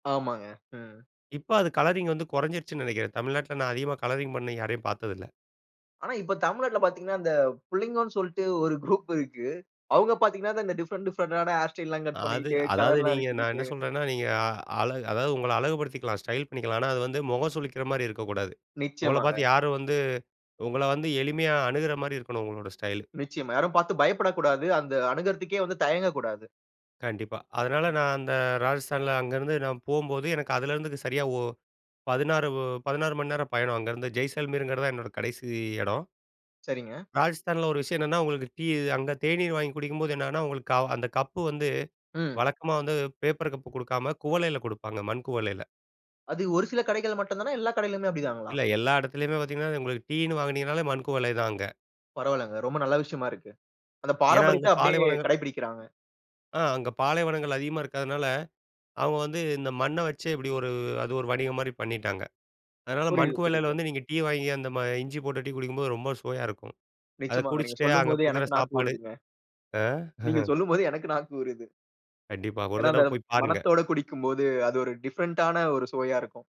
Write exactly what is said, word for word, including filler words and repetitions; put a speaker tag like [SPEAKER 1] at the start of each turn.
[SPEAKER 1] ஆமாங்க. ம்
[SPEAKER 2] இப்ப அது கலரிங் வந்து குறஞ்சிருச்சுன்னு நினைக்கிறேன். தமிழ்நாட்ல அதிகமா கலரிங் பண்ண யாரையும் பாத்தது இல்ல.
[SPEAKER 1] ஆனா, இப்ப தமிழ்நாட்ல பாத்தீங்கன்னா, இந்த புள்ளங்கோனு சொல்ட்டு ஒரு குரூப் இருக்கு. அவுங்க பாத்தீங்கன்னா, இந்த டிஃபரண்ட், டிஃபரண்ட்டான ஹேர் ஸ்டைல்லாம் கட்
[SPEAKER 2] அது
[SPEAKER 1] பண்ணிக்கிட்டு,
[SPEAKER 2] அதாவது
[SPEAKER 1] கலர்ல்லாம்
[SPEAKER 2] நீங்க நான் என்ன
[SPEAKER 1] அடிச்சுக்கிட்டு.
[SPEAKER 2] சொல்றேன்னா நீங்க அழ அதாவது உங்கள அழகு படுத்திக்கலாம், ஸ்டைல் பண்ணிக்கலாம். ஆனா, அது வந்து முகம் சுளிக்கிற மாரி இருக்கக்கூடாது. உங்கள
[SPEAKER 1] நிச்சயமாங்க.
[SPEAKER 2] பாத்து யாரும் வந்து, உங்கள வந்து எளிமையா அணுகிற மாரி இருக்கணும் உங்களோட ஸ்டைலு.
[SPEAKER 1] நிச்சயமா. யாரும் பாத்து பயப்படக்கூடாது. அந்த அணுகுறதுக்கே வந்து தயங்கக்கூடாது.
[SPEAKER 2] கண்டிப்பா. அதனால நான் அந்த ராஜஸ்தான்ல அங்க இருந்து நான் போம்போது, எனக்கு அதுல இருந்து சரியா, ஒ பதினாறு மணி நேரம் பயணம் அங்க இருந்து ஜெய்சால்மீர்ங்கிறது தான் என்னோட கடைசி எடம்.
[SPEAKER 1] சரிங்க.
[SPEAKER 2] ராஜஸ்தான்ல ஒரு விஷயம் என்னென்னா உங்களுக்கு டீ அங்க தேநீர் வாங்கி குடிக்கும்போது என்னன்னா அந்த, க கப்பு வந்து
[SPEAKER 1] ம்.
[SPEAKER 2] வழக்கமா வந்து பேப்பர் கப்பு குடுக்காம, குவளைல க்டுப்பாங்க மண் குவளைல.
[SPEAKER 1] அது ஒரு சில கடைகள்ல மட்டும் தானா? எல்லா கடைகளிலுமே அப்டிதாங்களா?
[SPEAKER 2] இல்ல. எல்லா எடத்துலயுமே பாத்தீங்கன்னா, உங்களுக்கு டீன்னு வாங்கினீங்கனாலே மண் குவளை தான் அங்க.
[SPEAKER 1] பரவால்லங்க. ரொம்ப நல்ல விஷயமா இருக்கு. அந்த
[SPEAKER 2] ஏன்னா, அங்க
[SPEAKER 1] பாரம்பரியத்த அப்டியே
[SPEAKER 2] பாலைவனங்கற
[SPEAKER 1] கடைபிடிக்கிறாங்க.
[SPEAKER 2] ஆ. அங்க பாலைவனங்கள் அதிகமா இருக்கதனால, அவுங்க வந்து இந்த மண்ண வச்சே இப்டி ஒரு அது ஒரு வணிகம் மாரி பண்ணிட்டாங்க. அதனால
[SPEAKER 1] புரியுது.
[SPEAKER 2] மண்குவளைல
[SPEAKER 1] புரியுது.
[SPEAKER 2] வந்து நீங்க டீ வாங்கி அந்த ம இஞ்சி போட்டு டீ குடிக்கும்போது ரொம்ப சுவையா இருக்கும். அத
[SPEAKER 1] நிச்சயமாங்க. நீங்க
[SPEAKER 2] குடிச்சிட்டு அங்க
[SPEAKER 1] சொல்லும்போது,
[SPEAKER 2] குடுக்குற
[SPEAKER 1] எனக்கு நாக்கு
[SPEAKER 2] சாப்பாடு
[SPEAKER 1] ஊருதுங்க.
[SPEAKER 2] ஆ
[SPEAKER 1] நீங்க சொல்லும்போது எனக்கு நாக்கு ஊருது.
[SPEAKER 2] கண்டிப்பா. ஒரு
[SPEAKER 1] ஏன்னா, அந்த
[SPEAKER 2] தடவ போயி பாருங்க.
[SPEAKER 1] மணத்தோட குடிக்கும் போது, அது ஒரு டிஃபரண்டான ஒரு சுவையா இருக்கும்.